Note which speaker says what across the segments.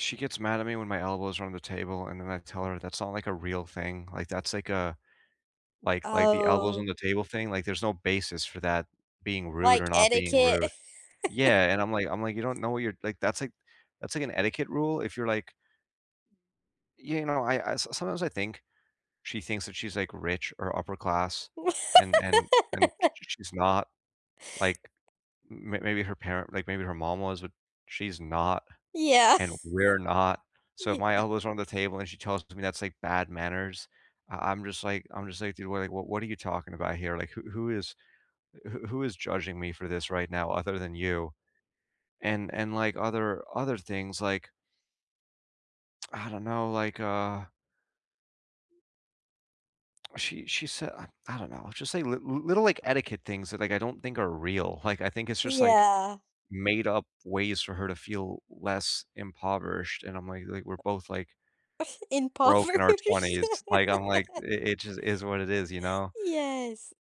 Speaker 1: She gets mad at me when my elbows are on the table, and then I tell her that's not, like, a real thing, like, that's, like, a like like, the elbows on
Speaker 2: Oh
Speaker 1: the table thing, like, there's no basis for that being rude
Speaker 2: Like,
Speaker 1: or not being
Speaker 2: etiquette?
Speaker 1: rude. Yeah, and I'm like I'm like, "You don't know what you're" like, that's, like that's, like, an etiquette rule, if you're, like You know, I I s sometimes I think she thinks that she's, like, rich, or upper class, and and and sh sh she's not. Like, m m maybe her parent like, maybe her mom was, but she's not,
Speaker 2: Yeah
Speaker 1: and we're not. So if my
Speaker 2: Yeah.
Speaker 1: elbows are on the table, and she tells me that's, like, bad manners, I I'm just like I'm just like, "Dude, what, like what what are you talking about here? Like, who who is who who is judging me for this right now other than you?" And and, like, other other things, like I don't know, like, uh She she said I I don't know, it's just, like, li li little, like, etiquette things, that, like, I don't think are real. Like, I think it's just, like,
Speaker 2: Yeah.
Speaker 1: made-up ways for her to feel less impoverished, and I'm, like like, we're both, like broke in our
Speaker 2: Impoverished.
Speaker 1: 20s. Like, I'm, like i it just is what it is, you know?
Speaker 2: Yes.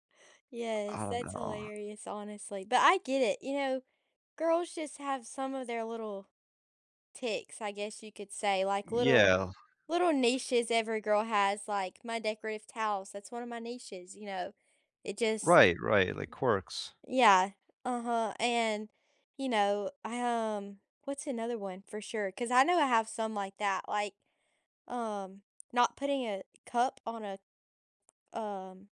Speaker 1: I
Speaker 2: Yes,
Speaker 1: don't
Speaker 2: that's
Speaker 1: know.
Speaker 2: hilarious, honestly, but I get it. You know, girls just have some of their little ticks, I guess you could say, like, little
Speaker 1: Yeah.
Speaker 2: little niches every girl has, like my decorative towels, that's one of my niches, you know? It just
Speaker 1: Right, right, like, quirks.
Speaker 2: Yeah. Uh-huh, and, you know, I, um what's another one? For sure, 'cause I know I have some like that, like, um, not putting a cup on a, um